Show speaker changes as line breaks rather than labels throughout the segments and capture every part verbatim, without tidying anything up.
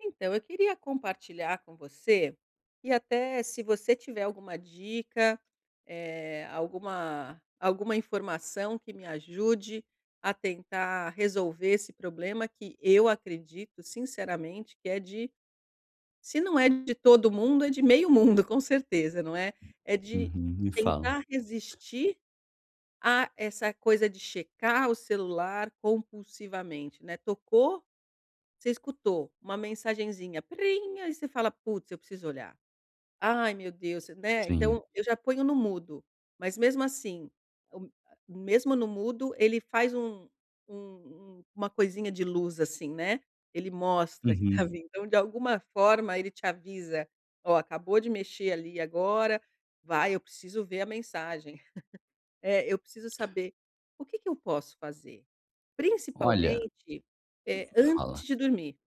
Então, eu queria compartilhar com você, e até se você tiver alguma dica, eh, alguma alguma informação que me ajude a tentar resolver esse problema, que eu acredito sinceramente, que é de Se não é de todo mundo, é de meio mundo, com certeza, não é. É de
Uhum, me fala.
tentar resistir a essa coisa de checar o celular compulsivamente, né. Tocou, você escutou uma mensagenzinha, prim, aí você fala: "Putz, eu preciso olhar." Ai meu Deus, né.
Sim.
Então eu já ponho no mudo, mas mesmo assim, o m mesmo no mudo ele faz um um um uma coisinha de luz assim, né. Ele mostra que está
Uhum.
vindo, então de alguma forma ele te avisa: "Ó, acabou de mexer ali agora" "Vai, eu preciso ver a mensagem." Eh, eu preciso saber o que que eu posso fazer?
Olha
Principalmente,
Hum,
eh,
fala.
antes de dormir,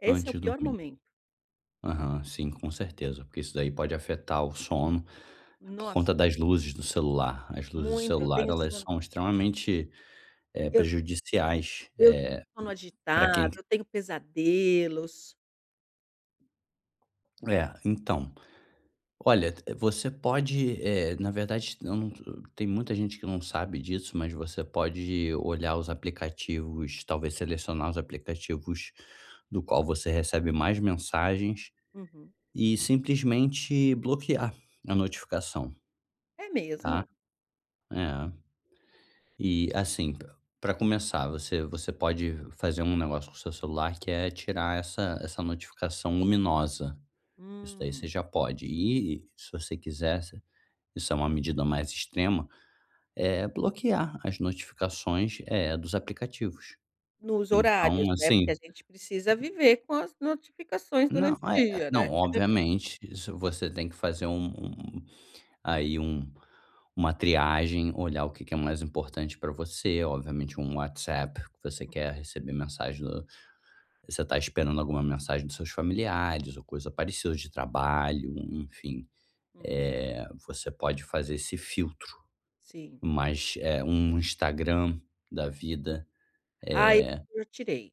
esse é
Antes
o
de
pior
dormir.
momento.
Aham. Sim, com certeza. Porque isso daí pode afetar o sono, por conta
Nossa,
das
muito.
luzes do celular. As luzes do
Muito, eu
celular
tenho
elas
sono.
são extremamente, eh,
Eu
prejudiciais,
Eu
eh,
sono
pra quem
agitado, eu tenho pesadelos.
É. Então, olha, e d você pode, eh, na verdade, eu não tô, eh Tem muita gente que não sabe disso, mas você pode olhar os aplicativos, talvez selecionar os aplicativos do qual você recebe mais mensagens
Uhum.
e simplesmente bloquear a notificação.
É
Tá.
mesmo?
É. E assim, pr pra começar, você você pode fazer um negócio com seu celular que é tirar essa essa notificação luminosa. Isso daí você
Hum.
já pode e, se você quiser você isso é uma medida mais extrema, eh, bloquear as notificações, eh, dos aplicativos.
Nos horários,
Então
né? Porque
assim
a gente precisa
[unintelligible]
viver com as notificações
Não.
durante o
Eh eh
dia, né.
não, obviamente, isso você tem que fazer um um aí um uma triagem, olhar o que que é mais importante pra você. Obviamente um WhatsApp que você quer receber mensagem do Você está esperando alguma mensagem dos seus familiares ou coisa parecida de trabalho, enfim.
Uhum.
Eh, você pode fazer esse filtro.
Sim.
Mas, eh, um Instagram da vida,
Ah, eu
eh
eu tirei.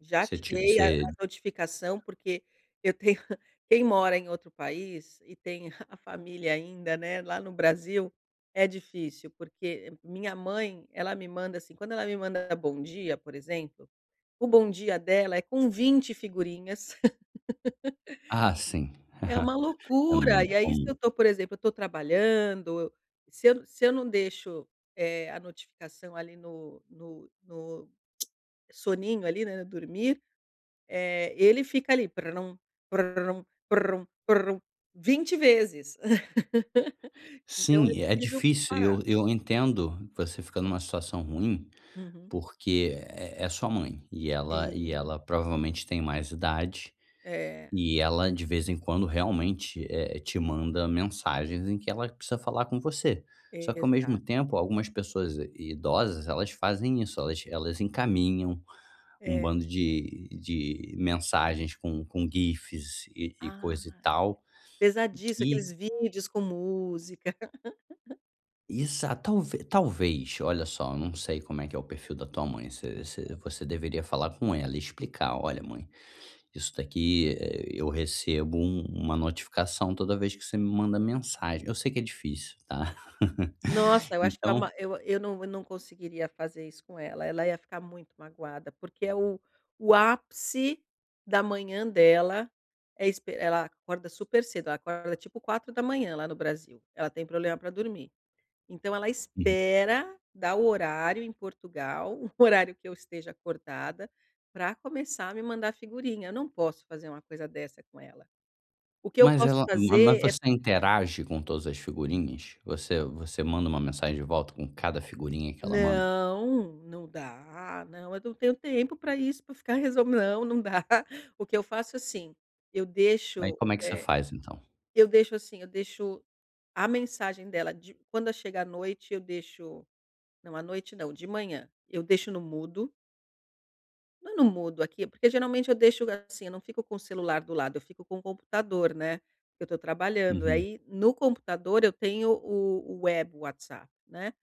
Já
Você tinha,
tirei a
você
a notificação, porque eu tenho Quem mora em outro país e tem a família ainda, né, lá no Brasil é difícil porque minha mãe, ela me manda assim Quando ela me manda bom dia, por exemplo, o bom dia dela é com vinte figurinhas.
Ah, sim!
É uma
É
loucura!
muito
E aí, se eu
comum.
estou, por exemplo, eu estou trabalhando, o se eu se eu não deixo, eh, a notificação ali no no no soninho ali, né, dormir, eh, ele fica ali prum, prum, prum, prum vinte vezes. Então eu
Sim, é
preciso
difícil. E
parar.
eu eu entendo, você fica numa situação ruim
Uhum.
porque é é sua mãe. E ela e
Sim.
ela provavelmente tem mais idade,
É.
e ela de vez em quando realmente, eh, te manda mensagens em que ela precisa falar com você. Só que ao
Exato.
mesmo tempo algumas pessoas idosas elas fazem isso, elas elas encaminham um
É.
bando de de mensagens com com gifs e e coisa, e
Ai!
tal,
Pesadíssimo
e que
aqueles vídeos com música.
Exata Talve talvez. Olha só, eu não sei como é que é o perfil da tua mãe. Você você você deveria falar com ela e explicar, olha mãe, isso daqui, eh, eu recebo um uma notificação toda vez que você me manda mensagem. Eu sei que é difícil, tá.
Nossa, eu acho que é
Então
uma eu eu num eu num conseguiria fazer isso com ela. Ela ia ficar muito magoada, porque é o o ápice da manhã dela é espe Ela acorda super cedo. Ela acorda tipo quatro da manhã lá no Brasil. Ela tem problema pra dormir. Então ela
Uhum.
espera dar o horário em Portugal, o horário que eu esteja acordada, pra começar a me mandar figurinha. Eu não posso fazer uma coisa dessa com ela. O que eu
Mas
posso
ela Ma ma mas
fazer é
você
fa
interage com todas as figurinhas? Você você manda uma mensagem de volta com cada figurinha que ela manda?
Não, não dá, não eu não tenho tempo pra isso pra ficar resol Não não dá. O que eu faço assim, eu
Aí
deixo,
como é que você
eh
faz então?
Eu deixo, assim, eu deixo a mensagem dela de quando chega a noite eu deixo Não à noite não, de manhã, eu deixo no mudo Mas não mudo aqui, porque geralmente eu deixo assim, eu não fico com o celular do lado, eu fico com o computador, né, que eu tô trabalhando.
Uhum.
Aí, no computador eu tenho o o web WhatsApp, né.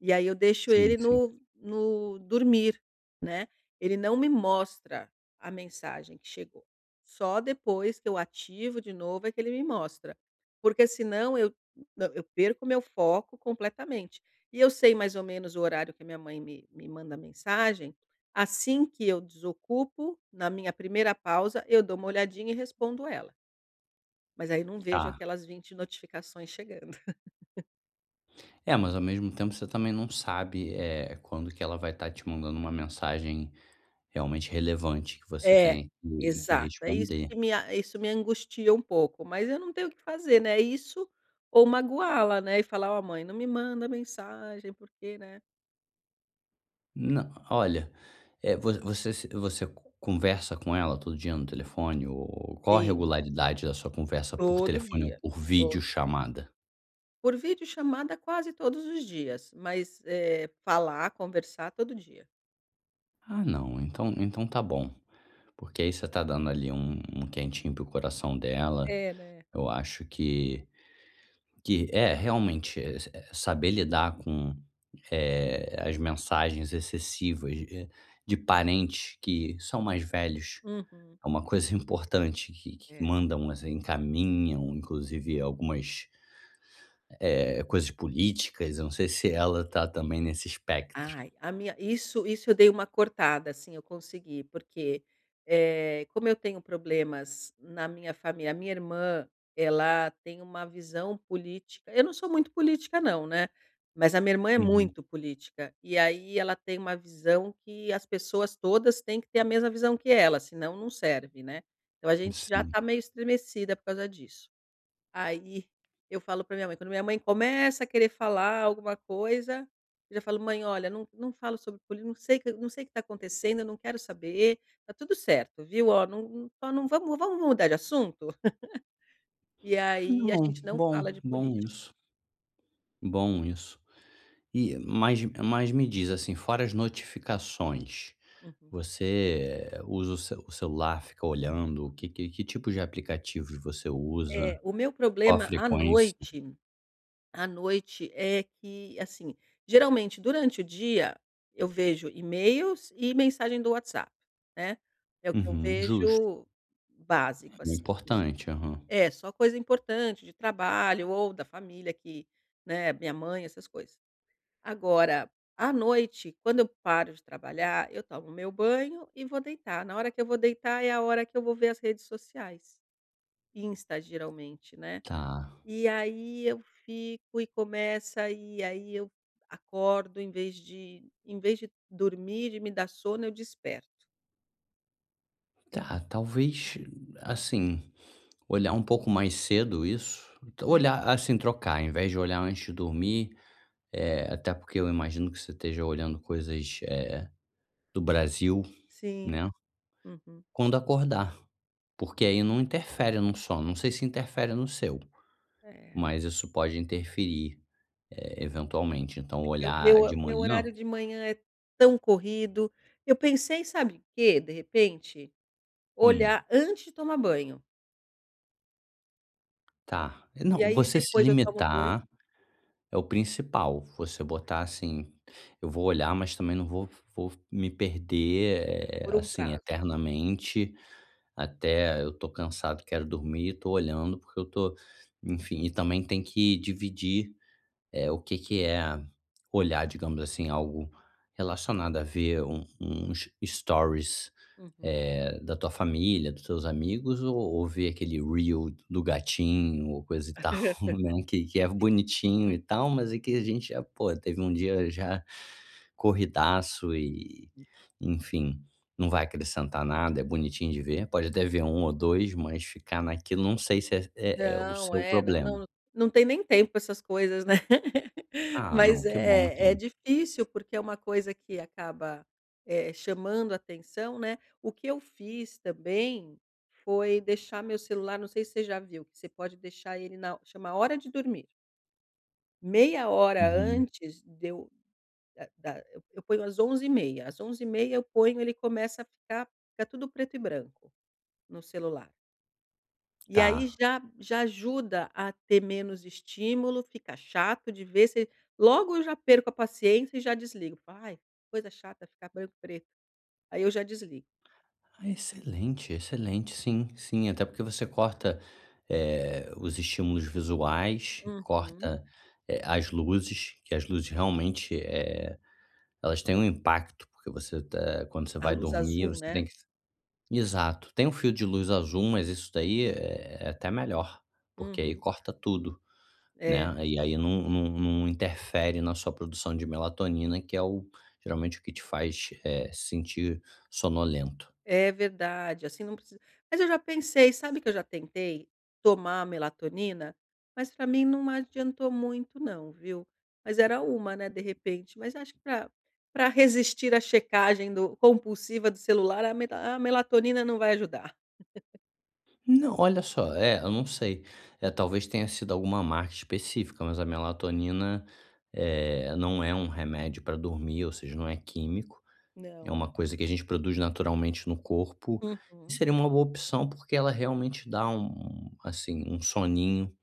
E aí eu deixo
Sim,
ele
sim.
no no dormir, né. Ele não me mostra a mensagem que chegou. Só depois que eu ativo de novo é que ele me mostra. Porque senão eu na eu perco o meu foco completamente. E eu sei mais ou menos o horário que minha mãe me me manda mensagem, assim que eu desocupo, na minha primeira pausa, eu dou uma olhadinha e respondo ela. Mas aí não vejo
Tá.
aquelas vinte notificações chegando.
É, mas ao mesmo tempo você também não sabe, eh, quando que ela vai tá te mandando uma mensagem realmente relevante, que você
É,
tem que que
exato. É isso
responder.
que me a isso me angustia pouco, mas eu não tenho o que fazer, né. É isso ou magoá-la, né. E falar: "oh mãe, não me manda mensagem, porque né
Nã o olha, eh, voc você se você co conversa com ela todo dia no telefone, ou qual a
Sim.
regularidade da sua conversa por
Todo
telefone ou
dia,
por vídeo
todo dia.
chamada?
Por video chamada quase todos os dias, mas, eh, falar, conversar, todo dia.
Ah não, então então tá bom, porque aí você tá dando ali um um quentinho para o coração dela.
É, né.
Eu acho que que é realmente, eh, saber lidar com, eh, as mensagens excessivas de parentes que são mais velhos.
Uhum.
É uma coisa importante que que
É.
mandam encaminham inclusive algumas eh, coisas políticas, eu não sei se ela tá também nesse espectro.
Ai, a minha isso isso eu dei uma cortada, assim, eu consegui porque, eh, como eu tenho problemas na minha fami a minha irmã, ela tem uma visão política eu não sou muito política não, né. Mas a minha irmã é
Uhum.
muito política e aí ela tem uma visão que as pessoas todas têm que ter a mesma visão que ela. Senão, não serve, né. Então, a gente já
Sim.
está meio estremecida por causa disso. Aí eu falo pra minha mãe quando minha mãe começa a querer falar alguma coisa, eu já falo: "Mãe olha, não não falo sobre política, não sei que não sei o que tá acontecendo, eu não quero saber, tá tudo certo, viu? Oh, num não vamo vamos mudar de assunto?" E
Ah
aí a
não,
gente não
bom,
fala de
bom
política.
isso. Bom isso. E, mas mas me diz assim, fora as notificações,
Uhum.
você usa o ce celular, fica olhando o que que que tipos de aplicativos você
É.
usa,
O meu
qual a
problema à
frequência?
noite à noite é que assim, geralmente durante o dia, eu vejo e-mails e mensagem do WhatsApp, né. É o que eu
Uhum, justo.
vejo básico
O
assim iss
importante, aham.
É só coisa importante de trabalho ou da família que, né, a minha mãe essas coisas. Agora, à noite, quando eu paro de trabalhar eu tomo o meu banho e vou deitar, na hora que eu vou deitar é a hora que eu vou ver as redes sociais. Insta, geralmente, né.
Tá.
E aí eu fico e começa, e aí eu acordo em vez de em vez de dormir e me dá sono, eu desperto.
Tá, talvez, assim, olhar um pouco mais cedo isso.
Uhum.
Olhar assim, trocar invés de olhar antes de dormir, eh, até porque eu imagino que você esteja olhando coisas, eh, do Brasil,
Sim,
né.
uhum.
Quando acordar, porque aí não interfere num sono, não sei se interfere no seu,
É.
mas isso pode interferir, eh, eventualmente, então
É que
olhar de
meu meu
manhã
horário de manhã é tão corrido. Eu pensei sabe o quê de repente?
Hum.
Olhar antes de tomar banho.
Tá, é
E
não,
aí
você se
depois eu tomo banho
limitar, é o principal. Você botar assim: "Eu vou olhar mas também não vou vou me perder, eh,
Por um
assim,
prazo.
eternamente, até eu tô cansado e quero dormir, tô olhando porque eu tô" enfim, e também tem que dividir, eh, o que que é olhar, digamos assim, algo relacionado a ver um uns stories,
Uhum.
eh, da tua família, dos seus amigos, ou ou ver aquele reel do gatinho ou coisa e tal, né, que que é
Si
bonitinho e tal, mas aqui a gente já, pô, teve dia já corridaço. E enfim, não vai acrescentar nada, é bonitinho de ver, pode até ver um ou dois, mais ficar naquilo, não sei se é é o
Não.
seu
É
problema.
não não tem nem tempo com essas coisas, né.
Ah,
Mais
não. Que bom,
é é
então.
difícil porque é uma coisa que acaba, eh, chamando atenção, né. O que eu fiz também, foi deixar meu celular Não sei se você já viu, que você pode deixar ele na chama hora de dormir. Meia hora
Uhum.
antes de eu da da e eu ponho às onze e meia, às onze e meia eu ponho ele começa a ficar ficar tudo preto e branco no celular. E aí
Tá.
já já ajuda a ter menos estímulo, fica chato de ver, você logo eu já perco a paciência e já desligo, "ai coisa chata ficar branco preto." Aí eu já desligo.
Ah excelente, excelente, sim, sim. Até porque você corta, eh, os estímulos visuais,
Uhum.
corta, eh, as luzes, que as luzes realmente, eh, elas têm um impacto porque você tá quando você
A
vai
luz
dormir
azul,
você
né?
tem que Exato, tem um fio de luz azul mas isso daí é é até melhor, porque aí
Uhum.
corta tudo,
É.
né, e aí num num num interfere na sua produção de melatonina que é o geralmente o que te faz, eh, sentir sonolento.
É verdade, assim não precisa mas eu já pensei, sabe? Que eu já tentei tomar melatonina, mas pra mim não adiantou muito não, viu? Mas era uma, né, de repente. Mas acho que pra pra resistir à checagem do compulsiva do celular a meta a melatonina não vai ajudar.
Não, olha só, é, eu não sei. É talvez tenha sido alguma marca específica, mas a melatonina, eh, não é um remédio pra dormir, ou seja, não é químico, é
Não,
uma
é.
coisa que a gente produz naturalmente no corpo e
Uhum.
seria uma boa opção porque ela realmente dá um, assim, um soninho,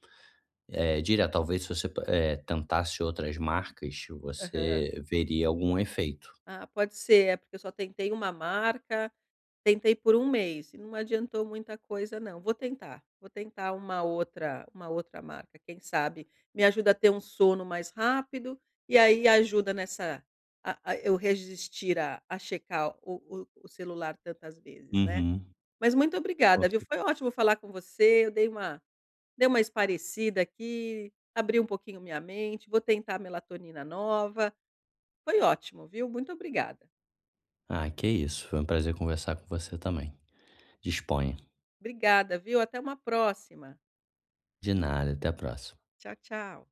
eh, direto talvez se você, eh, tentasse outras marcas
Aham.
você veria algum efeito.
Ah pode ser, é porque eu só tentei uma marca, tentei por um mês e não adiantou muita coisa não. Vou tentar, vou tentar uma outra uma outra marca, quem sabe me ajuda a ter um sono mais rápido e aí ajuda nessa a a eu resistir a a checar o o o celular tantas vezes, né?
Uhum.
Mas muito
Com
obrigada, viu?
cert
Foi ótimo falar com você eu dei uma dei uma espairecida aqui, abri pouquinho minha mente, vou tentar a melatonina nova. Foi ótimo, viu? Muito obrigada.
Ah que é isso, foi prazer conversar com você também, disponha.
Obrigada, viu? Até uma próxima.
De nada, até a próxima.
Tchau, tchau.